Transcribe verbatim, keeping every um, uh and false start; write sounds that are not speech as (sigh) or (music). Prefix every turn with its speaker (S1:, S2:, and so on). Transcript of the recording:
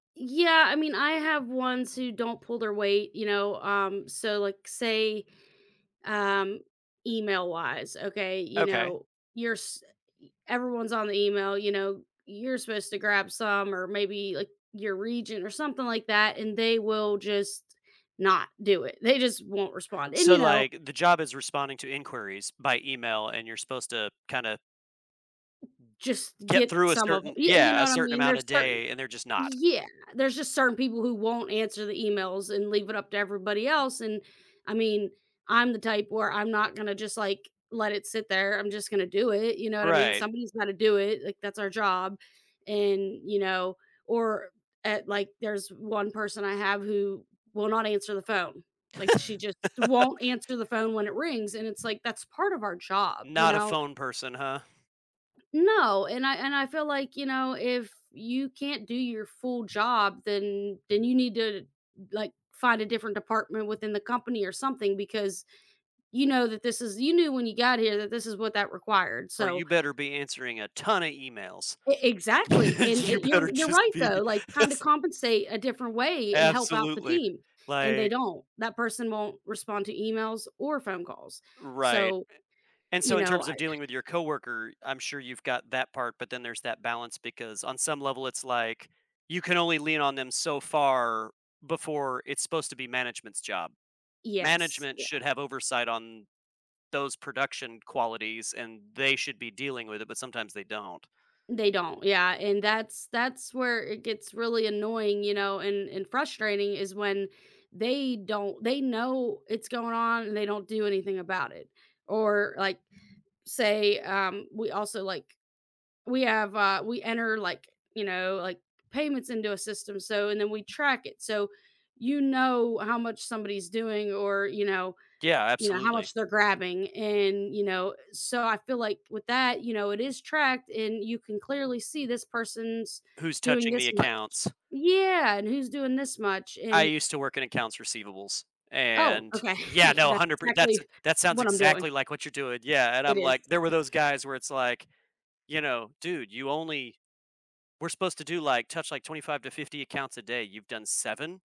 S1: Yeah, I mean, I have ones who don't pull their weight, you know, um, so, like, say, um, email-wise, okay, you
S2: Okay.
S1: know, you're s everyone's on the email, you know, you're supposed to grab some, or maybe, like, your regent or something like that, and they will just not do it. They just won't respond, and,
S2: So,
S1: you know
S2: like, the, job is responding to inquiries by email and you're supposed to kinda
S1: Just
S2: get
S1: get
S2: through a
S1: some of it,
S2: certain
S1: you you
S2: yeah,
S1: know
S2: a
S1: what I
S2: certain
S1: mean?
S2: amount a
S1: There's certain
S2: day and they're just not.
S1: Yeah, there's just certain people who won't answer the emails and leave it up to everybody else, and I mean, I'm the type where I'm not gonna just, like, let it sit there, I'm just gonna do it, you know what I mean?
S2: Right.
S1: Somebody's gotta do it, like, that's our job, and, you know or at like, there's one person I have who will not answer the phone, like, she just
S2: (laughs)
S1: won't answer the phone when it rings, and it's like, "That's part of our job, you
S2: Not a
S1: know?"
S2: phone person, huh?
S1: No, and I and I feel like, you know, "If you can't do your full job, then then you need to, like, find a different department within the company or something because you know that this is you knew when you got here that this is what that required,
S2: "Or you
S1: so"
S2: better be answering a ton of emails.
S1: E exactly,
S2: (laughs)
S1: and
S2: You
S1: e you're
S2: better
S1: you're
S2: just
S1: right
S2: be.
S1: though, like, kinda
S2: That's"
S1: compensate a different way and help out the
S2: Absolutely,
S1: team, and they
S2: like
S1: don't, that person won't respond to emails or phone calls,
S2: Right,
S1: so,
S2: a and
S1: you
S2: so in
S1: know,
S2: terms of
S1: I
S2: dealing with your co-worker, I'm sure you've got that part, but then there's that balance because on some level, it's like you can only lean on them so far before it's supposed to be management's job.
S1: Yes,
S2: Management should
S1: yeah.
S2: have oversight on those production qualities and they should be dealing with it, but sometimes they don't.
S1: They don't, yeah, and that's that's where it gets really annoying, you know, and and frustrating is when they don't they know it's going on and they don't do anything about it, or, like, say, um, we also, like we have, uh we enter, like, you know, like, payments into a system, so, and then we track it, so you know how much somebody's doing, or, you know
S2: Yeah,
S1: you know, how
S2: absolutely.
S1: much they're grabbing, and, you know, so I feel like with that, you know, it is tracked, and you can clearly see this person's
S2: Who's
S1: doing
S2: touching the
S1: this much.
S2: accounts?
S1: Yeah, and who's doing this much,
S2: I
S1: and
S2: used to work in accounts receivables
S1: Oh,
S2: and
S1: okay.
S2: Yeah, no, a
S1: That's
S2: hundred per that's a
S1: exactly
S2: that sounds
S1: what I'm doing.
S2: exactly like what you're doing, yeah, and
S1: It
S2: I'm like, there were
S1: is.
S2: those guys where it's like, you know, "Dude, you only we're supposed to do like touch, like, twenty five to fifty accounts a day. You've done seven?"